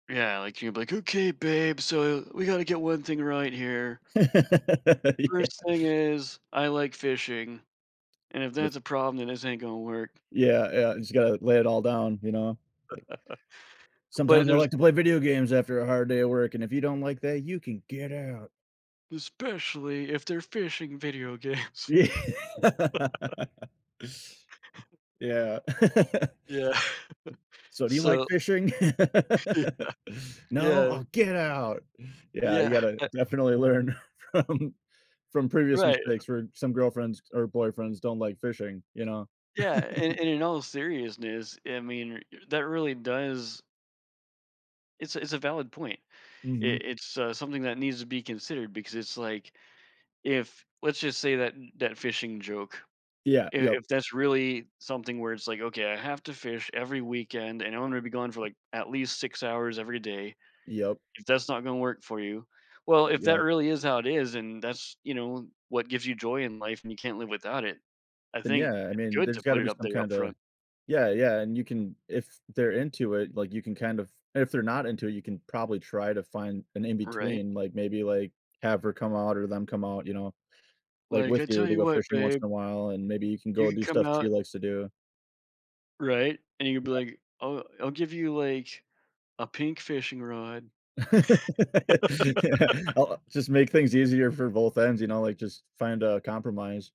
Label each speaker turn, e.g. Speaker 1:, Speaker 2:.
Speaker 1: Yeah, like, you'll be like, "Okay, babe, so we gotta get one thing right here."
Speaker 2: Yeah.
Speaker 1: First thing is I like fishing, and if
Speaker 2: Yes.
Speaker 1: that's a problem, then this ain't gonna work.
Speaker 2: Yeah, yeah, you just gotta lay it all down, you know? Like
Speaker 1: But
Speaker 2: "sometimes I
Speaker 1: there's
Speaker 2: like to play video games after a hard day at work, and if you don't like that, you can get out."
Speaker 1: "Especially if they're fishing video games."
Speaker 2: Yeah. Yeah.
Speaker 1: Yeah.
Speaker 2: "So, do you like
Speaker 1: So
Speaker 2: fishing?"
Speaker 1: Yeah.
Speaker 2: "No?
Speaker 1: Yeah.
Speaker 2: Oh, get out." Yeah, you
Speaker 1: Yeah,
Speaker 2: gotta
Speaker 1: a
Speaker 2: definitely learn from from previous
Speaker 1: Right.
Speaker 2: mistakes where some girlfriends or boyfriends don't like fishing, you know?
Speaker 1: Yeah, and and in all seriousness, I mean, that really does It's a it's a valid point. I
Speaker 2: Mhm.
Speaker 1: it's, uh, something that needs to be considered because it's like, if let's just say that that fishing joke,
Speaker 2: Yeah,
Speaker 1: i
Speaker 2: yep.
Speaker 1: if that's really something where it's like, "Okay, I have to fish every weekend and I want to be gone for, like, at least 6 hours every day.
Speaker 2: Yep.
Speaker 1: If that's not gonna work for you" Well, if that
Speaker 2: Yep.
Speaker 1: really is how it is and that's, you know, what gives you joy in life and you can't live without it, I
Speaker 2: Then,
Speaker 1: think
Speaker 2: yeah, I
Speaker 1: it's
Speaker 2: mean,
Speaker 1: good
Speaker 2: there's
Speaker 1: to put
Speaker 2: gotta
Speaker 1: it
Speaker 2: be
Speaker 1: up
Speaker 2: some
Speaker 1: there
Speaker 2: kinda
Speaker 1: upfront.
Speaker 2: Yeah, yeah, and you can if they're into it, like, you can kind of and if they're not into it, you can probably try to find an
Speaker 1: Right.
Speaker 2: in-between, like, maybe, like, have her come out or them come out, you know, like,
Speaker 1: Like,
Speaker 2: with
Speaker 1: "I
Speaker 2: you
Speaker 1: tell
Speaker 2: they
Speaker 1: you
Speaker 2: go
Speaker 1: what,
Speaker 2: fishing once
Speaker 1: babe”
Speaker 2: in a while, and maybe you can
Speaker 1: “you
Speaker 2: go
Speaker 1: can
Speaker 2: do
Speaker 1: come
Speaker 2: stuff she
Speaker 1: out"
Speaker 2: likes to do.
Speaker 1: Right, and you'd be like, "Oh, I'll give you, like, a pink fishing rod."
Speaker 2: Yeah. I I'll just make things easier for both ends, you know, like, just find a compromise.